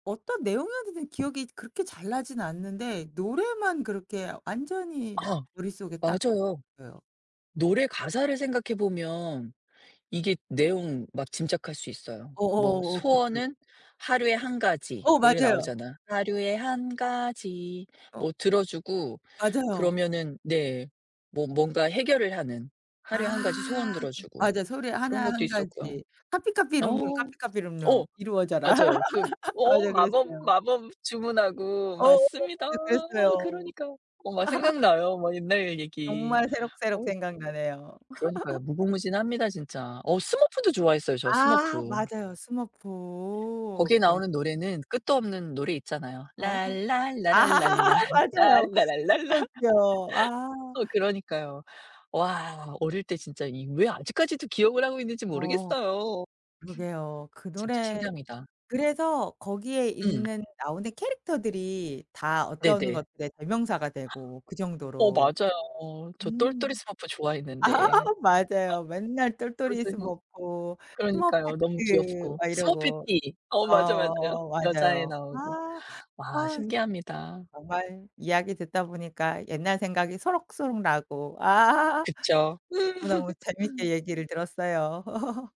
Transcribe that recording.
어떤 내용이었는지는 기억이 그렇게 잘 나진 않는데 노래만 그렇게 완전히 아. 머릿속에 딱 맞아요. [unintelligible] 어요. 노래 가사를 생각해 보면 이게 내용 막 짐작할 수 있어요. 뭐 어어어어. 그쵸. 소원은 하루에 1 가지. 어 뭐 이렇게 맞아요. 나오잖아. 하루에 1 가지 어 뭐 들어주고 맞아요. 그러면은 네. 뭐 뭔가 해결을 하는 하루에 아. 1 가지 소원 들어주고 맞아요. 소리 그런 하나 것도 1 있었고요. 가지. 어. "카피카피룸룸 어. 카피카피룸룸 이루어져라." 맞아요. 그 어어 맞아요 마법 그랬어요. 마법 주문하고 어어어어. 맞습니다. 네 어 그랬어요. 그러니까 어 막 생각나요 막 옛날의 얘기. 정말 새록새록 어. 생각나네요. 그러니까요. 무궁무진합니다 진짜. 어 스머프도 좋아했어요 저 아 스머프. 맞아요. 스머프 거기에 그립 나오는 노래는 끝도 없는 노래 있잖아요. 어. 랄랄라 랄랄라 맞아요. 랄라 랄랄라. 끝도 없죠. 아. 어. 그러니까요. 와 어릴 때 진짜 이 왜 아직까지도 기억을 하고 있는지 어. 모르겠어요. 그러게요. 그 진짜 노래 신기합니다. 그래서 거기에 음. 있는 나오는 캐릭터들이 다 어떤 네네. 것들의 대명사가 되고 그 어 정도로. 맞아요. 저 똘똘이 음. 스머프 아 좋아했는데. 맞아요. 맨날 똘똘이 그런데 뭐 스머프, 그러니까요 너무 스머페티 귀엽고. 막 이러고 스머페티, 어 맞아, 맞아요. 어 여자애 맞아요. 나오고 아. 와 아. 신기합니다. 정말 이야기 듣다 보니까 옛날 생각이 소록소록 나고 아. 그쵸. 음. 너무너무 오늘 재밌게 얘기를 들었어요.